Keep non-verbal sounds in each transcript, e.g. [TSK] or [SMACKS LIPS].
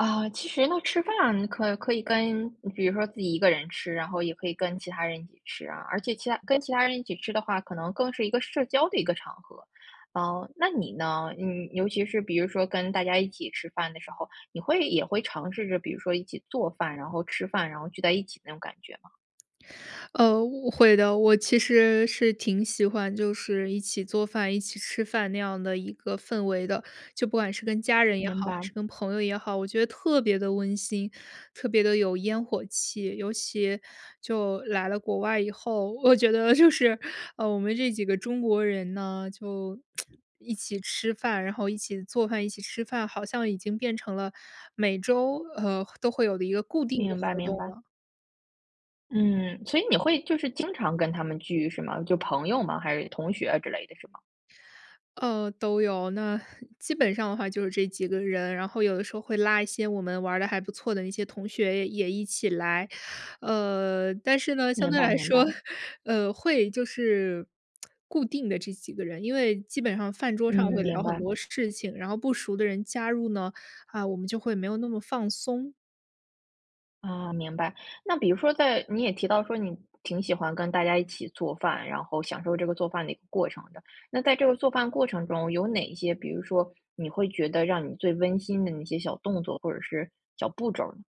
啊，其实呢，吃饭可可以跟比如说自己一个人吃，然后也可以跟其他人一起吃啊，而且其他跟其他人一起吃的话，可能更是一个社交的一个场合。嗯，那你呢？嗯，尤其是比如说跟大家一起吃饭的时候，你会也会尝试着，比如说一起做饭，然后吃饭，然后聚在一起那种感觉吗？呃，我会的，我其实是挺喜欢就是一起做饭、一起吃饭那样的一个氛围的，就不管是跟家人也好，明还白。是跟朋友也好，我觉得特别地温馨，特别地有烟火气。尤其就来了国外以后，我觉得就是，呃，我们这几个中国人呢，就 [TSK] 一起吃饭，然后一起做饭、一起吃饭，好像已经变成了每周，呃，都会有的一个固定的明白，活明动白。了。嗯，所以你会就是经常跟他们聚是吗？就朋友吗？还是同学之类的是吗？呃，都有，那 [LAUGHS] 基本上的话就是这几个人，然后有的时候会拉一些我们玩儿的还不错的那些同学也也一起来。呃，但是呢，相明对白，来明说白。呃，会，就是 [TSK] 固定的这几个人，因为基本上饭桌嗯，上会聊明很白。多事情，然后不熟的人加入呢，啊，我们就会没有那么放松。啊，明白，那比如说在你也提到说你挺喜欢跟大家一起做饭，然后享受这个做饭的一个过程的。那在这个做饭过程中有哪些，比如说你会觉得让你最温馨的那些小动作或者是小步骤儿呢？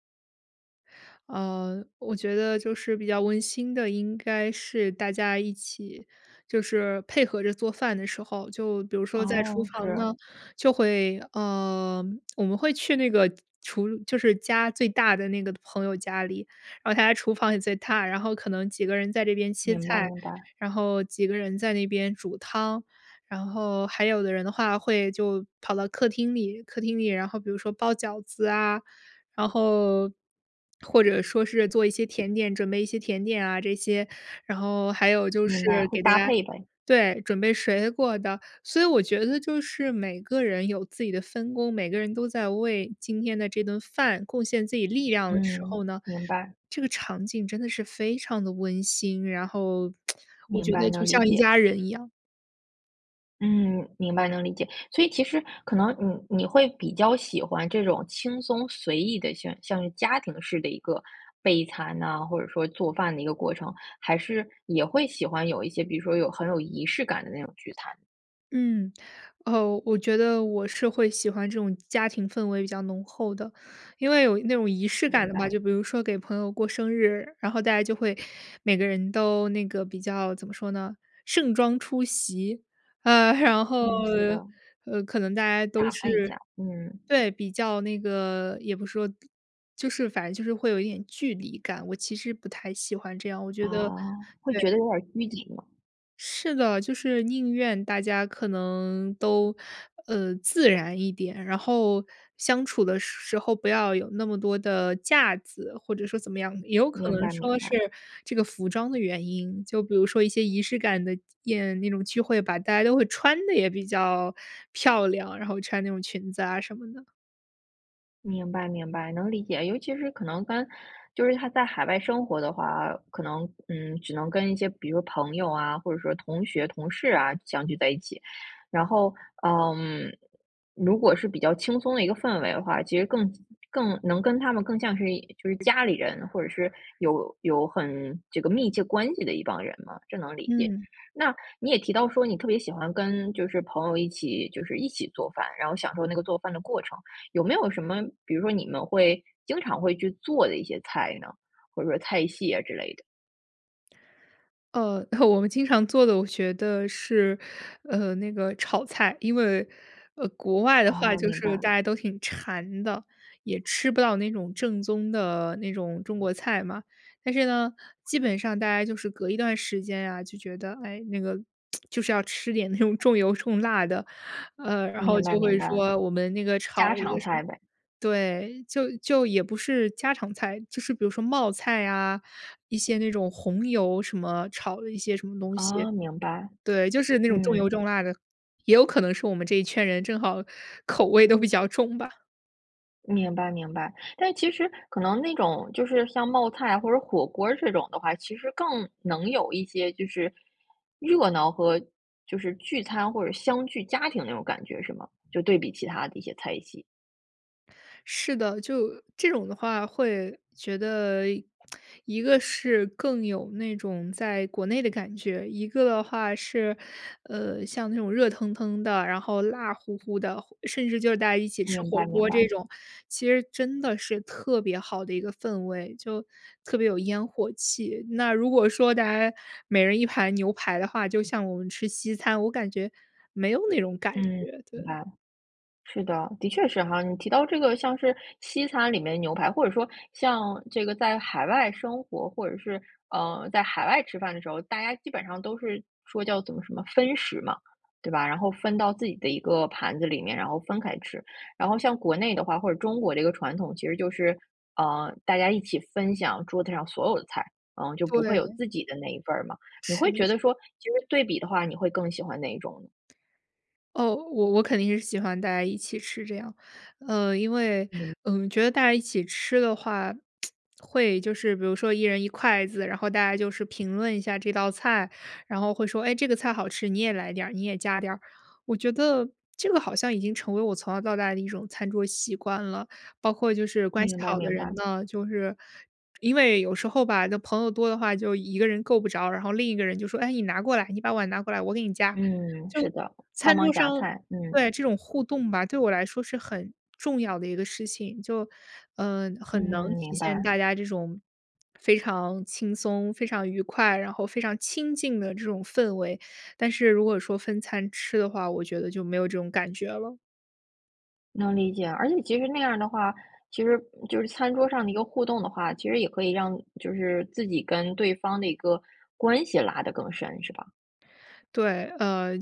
呃，我觉得就是比较温馨的，应该是大家一起就是配合着做饭的时候。就比如说在厨哦，房是。呢，就会呃，我们会去那个厨就是家最大的那个朋友家里，然后他家厨房也最大，然后可能几个人在这边切明白，菜，明白。然后几个人在那边煮汤，然后还有的人的话会就跑到客厅里，客厅里，然后比如说包饺子啊，然后，或者说是做一些甜点，准备一些甜点啊这些，然后还有就明白，是会给大搭家配呗。对，准备水果的，所以我觉得就是每个人有自己的分工，每个人都在为今天的这顿饭贡献自己力量的时嗯，候呢，明白。这个场景真的是非常地温馨，然后 [TSK] 我明觉得白，就能理像一解。家人一样。嗯，明白，能理解。所以其实可能你你会比较喜欢这种轻松随意的、像像家庭式的一个备餐呐，或者说做饭的一个过程？还是也会喜欢有一些，比如说有很有仪式感的那种聚餐？嗯，哦，我觉得我是会喜欢这种家庭氛围比较浓厚的。因为有那种仪式感明的吧，白。就比如说给朋友过生日，然后大家就会每个人都那个比较怎么说呢-盛装出席，呃，[CHUCKLES] 然后，嗯，是的。呃，可能大家都打扮一是下，嗯。对，比较那个也不是说就是反正就是会有一点距离感，我其实不太喜欢这样，我觉得啊，会对。觉得有点儿拘谨吗？是的，就是宁愿大家可能都，呃，自然一点，然后相处的时时候不要有那么多的架子，或者说怎么样。也有可明能白，明说白。是这个服装的原因，就比如说一些仪式感的宴，那种聚会吧，大家都会穿得也比较漂亮，然后穿那种裙子啊什么的。明白，明白，能理解，尤其是可能跟，就是他在海外生活的话啊，可能，嗯，只能跟一些比如朋友啊，或者说同学、同事啊，相聚在一起。然后，嗯，如果是比较轻松的一个氛围的话，其实更更能跟他们更像是就是家里人，或者是有有很这个密切关系的一帮人嘛，这能理解。嗯。那你也提到说，你特别喜欢跟就是朋友一起，就是一起做饭，然后享受那个做饭的过程。有没有什么，比如说你们会经常会去做的一些菜呢？或者说菜系啊之类的。呃，我们经常做的，我觉得是，呃，那个炒菜。因为，呃，国外的话哦，就明是白。大家都挺馋的，也吃不到那种正宗的那种中国菜嘛。但是呢，基本上大家就是隔一段时间呀，就觉得，哎，那个 [TSK] 就是要吃点那种重油重辣的，呃，然后明白，就明会白，说我们那个炒家了一常个什么菜呗。对，就就也不是家常菜，就是比如说冒菜啊，一些那种红油什么，炒了一些什么东西。哦，明白，对，就是那种重油嗯。重辣的，也有可能是我们这一圈人正好口味都比较重吧。明白，明白，但其实可能那种，就是像冒菜啊或者火锅儿这种的话，其实更能有一些就是，热闹和就是聚餐或者相聚家庭那种感觉，是吗？就对比其他的一些菜系。是的，就这种的话会觉得一 [TSK] 一个是更有那种在国内的感觉，一个话是，呃，像那种热腾腾的，然后辣乎乎的，或甚至就是大家一起吃明火白，明锅这白。种，其实真的是特别好的一个氛围，就特别有烟火气，那如果说大家每人1盘牛排的话，就像我们吃西餐，我感觉，没有那种感嗯，觉，明对。白。是的，的确是哈。你提到这个像是西餐里面的牛排，或者说像这个在海外生活，或者是，呃，在海外吃饭的时候，大家基本上都是说叫怎么什么分食嘛，对吧，然后分到自己的一个盘子里面，然后分开吃。然后像国内的话，或者中国这个传统，其实就是，呃，大家一起分享桌子上所有的菜，嗯，就不会有对。自己的那一份儿嘛，你会是。觉得说，其实对比的话，你会更喜欢哪一种你？哦，我我肯定是喜欢大家一起吃这样，呃，因为，明嗯，觉得大家一起吃的话，[TSK] 会就是比如说1人1筷子，然后大家就是评论一下这道菜，然后会说，哎，这个菜好吃，你也来点儿，你也夹点儿，我觉得这个好像已经成为我从小到大的一种餐桌习惯了。包括就是关系明白，好的明人白。呢，就是因为有时候吧，那朋友多的话就一个人够不着，然后另一个人就说：“哎，你拿过来，你把碗拿过来，我给你夹。”嗯，就是的，帮餐桌忙上夹菜，嗯。对，这种互动吧，对我来说是很重要的一个事情。就，呃，很能嗯，体明现白。大家这种非常轻松、非常愉快，然后非常亲近的这种氛围，但是如果说分餐吃的话，我觉得就没有这种感觉了。能理解，而且其实那样儿的话，其实就是餐桌上的一个互动的话，其实也可以让就是自己跟对方的一个关系拉得更深，是吧？对，呃，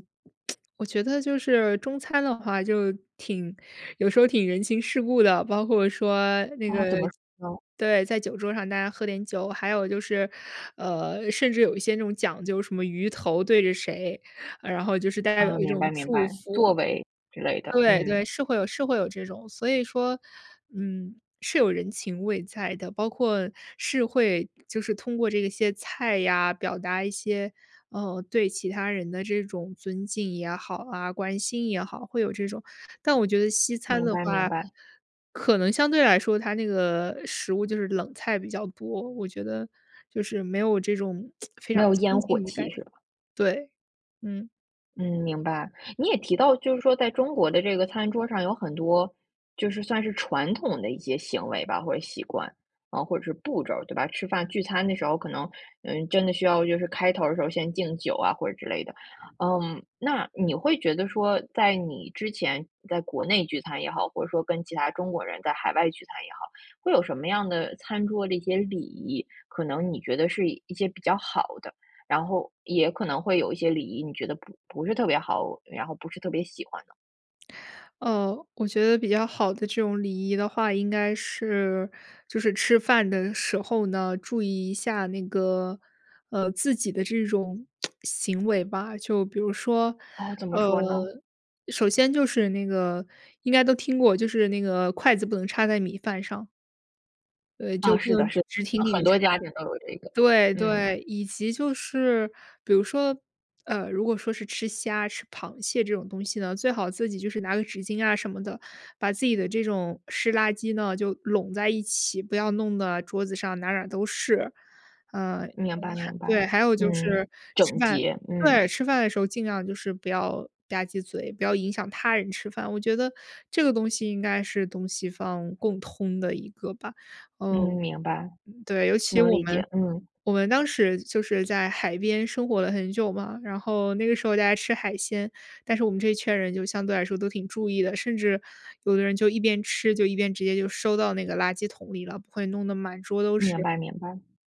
[TSK] 我觉得就是中餐的话就挺有时候挺人情世故的，包括说那哦，个怎么说呢？对，在酒桌上大家喝点酒。还有就是，呃，甚至有一些那种讲究什么鱼头对着谁，呃然后就是大家有啊，一明种白，明祝白，福。座位之类的，对对，嗯。是会有是会有这种。所以说，嗯，是有人情味在的，包括是会就是通过这个些菜呀表达一些，呃，对其他人的这种尊敬也好啊，关心也好，会有这种。但我觉得西餐明的白，明话，白。可能相对来说它那个食物就是冷菜比较多，我觉得就是没有这种，[TSK] 非常没有亲烟火近的感气觉。是吧？对，嗯。嗯，明白。你也提到，就是说在中国的这个餐桌上儿有很多就是算是传统的一些行为吧，或者习惯，啊，或者是步骤对吧？吃饭聚餐的时候可能，呃，真的需要就是开头儿的时候先敬酒啊或者之类的。嗯，那你会觉得说，在你之前在国内聚餐也好，或者说跟其他中国人在海外聚餐也好，会有什么样的餐桌的一些礼仪，可能你觉得是一些比较好的？然后也可能会有一些礼仪，你觉得不不是特别好，然后不是特别喜欢的？呃，我觉得比较好的这种礼仪的话应该是就是吃饭的时候呢，注意一下那个，呃，自己的这种，[SMACKS LIPS] 行为吧。就比如说，哦，怎么呃，说呢？首先就是那个，应该都听过，就是那个筷子不能插在米饭上。对，就啊，不是的，能是的，直挺呃，很挺插多家庭都有这个，对，嗯。对，以及就是比如说呃，如果说是吃虾、吃螃蟹这种东西呢，最好自己就是拿个纸巾啊什么的，把自己的这种湿垃圾呢，就拢在一起，不要弄得啊，桌子上哪儿哪儿都是。呃，明白，[UNINTELLIGIBLE] 明白。对，还有就嗯。是吃整饭洁，嗯。对，吃饭的时候尽量就是不要吧唧嘴，不要影响他人吃饭，我觉得这个东西应该是东西方共通的一个吧，嗯。嗯，明白。对，尤其能我理们，解，嗯。我们当时就是在海边生活了很久嘛，然后那个时候大家吃海鲜，但是我们这一圈儿人就相对来说都挺注意的，甚至有的人就一边吃就一边直接就收到那个垃圾桶里了，不会弄得满桌都明是。白，明白。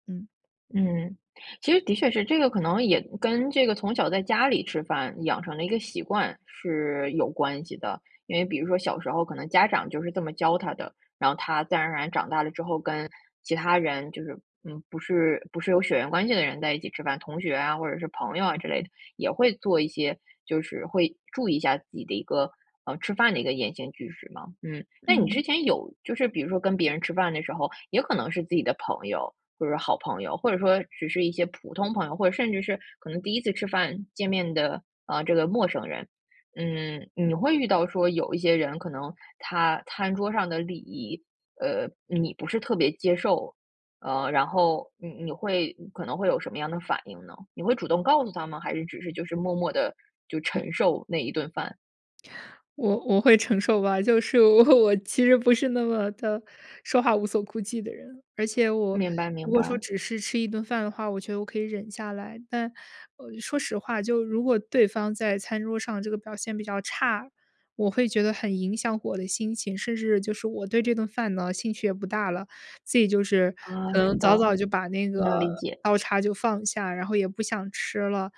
嗯。嗯，其实的确是，这个可能也跟，这个从小在家里吃饭养成了一个习惯是有关系的。因为比如说小的时候可能家长就是这么教他的，然后他自然而然长大了之后，跟其他人就是，嗯，不是，不是有血缘关系的人在一起吃饭，同学啊，或者是朋友啊之类的，也会做一些就是会注意一下自己的一个，呃，吃饭的一个言行举止嘛，嗯。那你之嗯。前有就是比如说跟别人吃饭的时候，也可能是自己的朋友，或者说好朋友，或者说只是一些普通朋友。或者甚至是可能第1次吃饭、见面的，啊，这个陌生人。嗯，你会遇到说有一些人可能他餐桌上的礼仪，呃，你不是特别接受。呃，然后你你会，嗯，可能会有什么样的反应呢？你会主动告诉他吗？还是只是就是默默地就承受那1顿饭。我我会承受吧，就是我我其实不是那么的说话无所顾忌的人，而且我明白，如明果说白。只是吃一顿饭的话，我觉得我可以忍下来，但，呃，说实话，就如果对方在餐桌上这个表现比较差，我会觉得很影响我的心情，甚至就是我对这顿饭呢，兴趣也不大了，自己就是啊，可知能早道，早就把那个能理解。刀叉就放下，然后也不想吃了。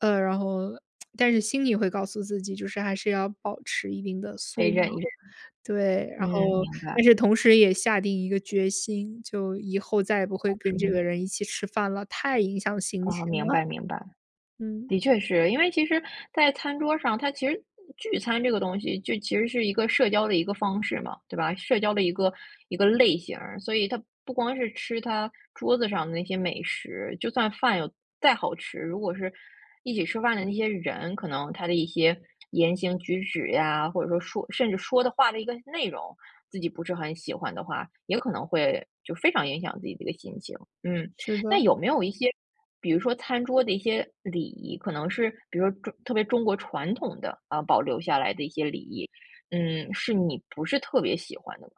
呃，然后 [SMACKS LIPS] 但是心里会告诉自己，就是还是要保持一定的可以素忍一养。忍，对，然嗯，后，明白。但是同时也下定一个决心，就以后再也不啊，会跟什这么？个人一起吃饭了，太影响心情哦，明了。白，明白。嗯。的确是，因为其实在餐桌上，它其实聚餐这个东西就其实是一个社交的一个方式嘛，对吧？社交的一个一个类型儿，所以它不光是吃它桌子上的那些美食，就算饭有再好吃，如果是一起吃饭的那些人，可能他的一些言行举止呀，或者说说甚至说的话的一个内容，自己不是很喜欢的话，也可能会就非常影响自己一个心情。嗯，是那的。有没有一些，比如说餐桌的一些礼仪，可能是，比如说中特别中国传统的，啊，保留下来的一些礼仪，嗯，是你不是特别喜欢的呢？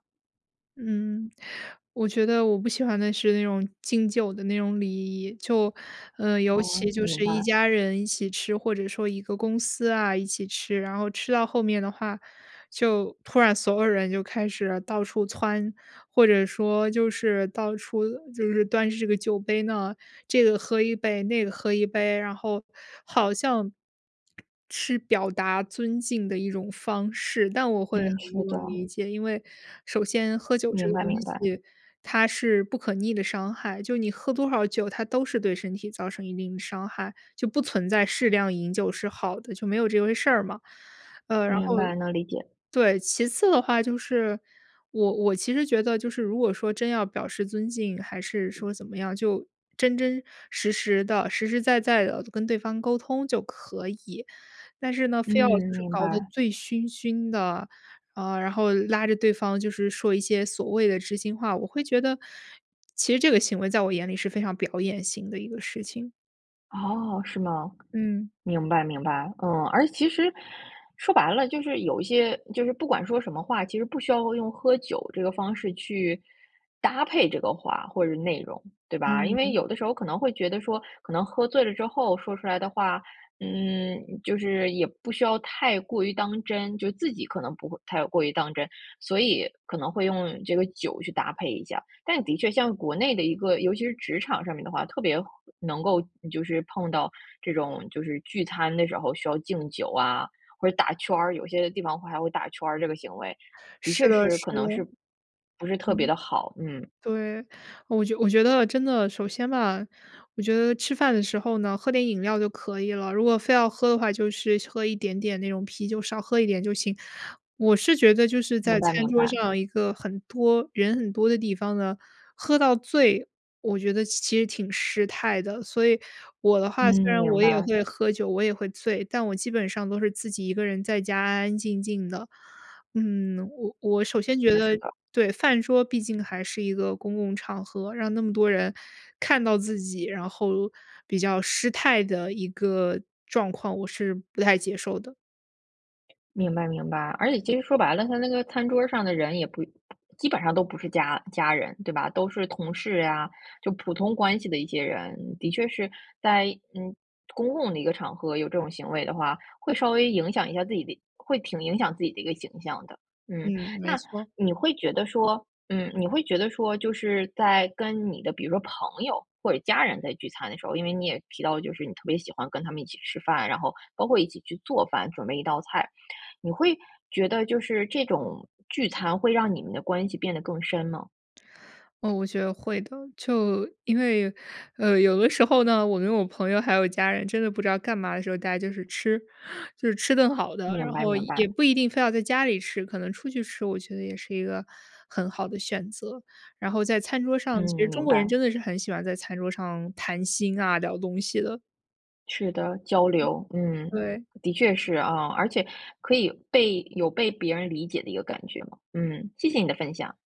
嗯，我觉得我不喜欢的是那种敬酒的那种礼仪，就，呃，尤哦，其就明是一白。家人一起吃，或者说一个公司啊，一起吃，然后吃到后面的话，就突然所有人就开始到处蹿，或者说就是到处就是端着这个酒杯呢，这个喝1杯，那个喝1杯。然后好像是表达尊敬的一种方式，但我会很嗯，不是能的。理解，因为首先喝酒这明个白，东明白。西，它是不可逆的伤害，就你喝多少酒，它都是对身体造成一定的伤害，就不存在适量饮酒是好的，就没有这回事儿嘛。呃，然后明白，能理解。对，其次的话，就是我我其实觉得就是如果说真要表示尊敬，还是说怎么样，就真真实实的、实实在在的跟对方沟通就可以。但是呢，非要就嗯，是明搞得白。醉醺醺的，啊，然后拉着对方就是说一些所谓的知心话，我会觉得，其实这个行为在我眼里是非常表演型的一个事情。哦，是吗？嗯。明白，明白。嗯，而且其实，说白了，就是有一些就是不管说什么话，其实不需要用喝酒这个方式，去搭配这个话或者内容，对吧？因嗯，为嗯。有的时候可能会觉得说，可能喝醉了之后说出来的话，嗯，就是也不需要太过于当真，就自己可能不会太过于当真，所以可能会用这个酒去搭配一下，但的确像国内的一个尤其是职场上面的话，特别能够就是碰到这种，就是聚餐的时候需要敬酒啊，或者打圈儿，有些地方还会打圈儿这个行为，的是确的，是是可的。能是不是特别嗯，的好，嗯。对，我就我觉得真的首先吧，我觉得吃饭的时候呢，喝点饮料就可以了，如果非要喝的话，就是喝一点点那种啤酒，少喝一点就行。我是觉得，就是在明白，餐明桌白。上一个很多人很多的地方呢，喝到醉，我觉得其其实挺失态的。所以我的嗯，话虽然我明会白。在喝酒，我也会醉，但我基本上都是自己一个人在家安安静静的。嗯，我我首是先觉的，是得的。对，饭桌毕竟还是一个公共场合，让那么多人看到自己，然后比较失态的一个状况，我是不太接受的。明白，明白，而且其实说白了，他那个餐桌儿上的人也不不基本上都不是家家人，对吧，都是同事呀，就普通关系的一些人，的确是在，嗯，公共的一个场合有这种行为的话，会稍微影响一下自己的会挺影响自己的一个形象的，嗯。嗯，没那错。你会觉得说嗯，你会觉得说就是在跟你的比如说朋友或者家人在聚餐的时候，因为你也提到就是你特别喜欢跟他们一起吃饭，然后包括一起去做饭，准备一道菜。你会觉得就是这种聚餐，会让你们的关系变得更深吗？哦，我觉得会的，就因为，呃，有的时候呢，我跟我朋友还有家人真的不知道干嘛的时候，大家就是吃。就是吃顿好的，明然白，后明也白。不一定非要在家里吃，可能出去吃，我觉得也是一个很好的选择。然后在餐桌上，其实嗯，中明国人白。真的是很喜欢在餐桌上谈心啊，聊东西的。是的，交嗯。流，嗯，对。的确是啊。而且可以被有被别人理解的一个感觉嘛。嗯，谢谢你的分享。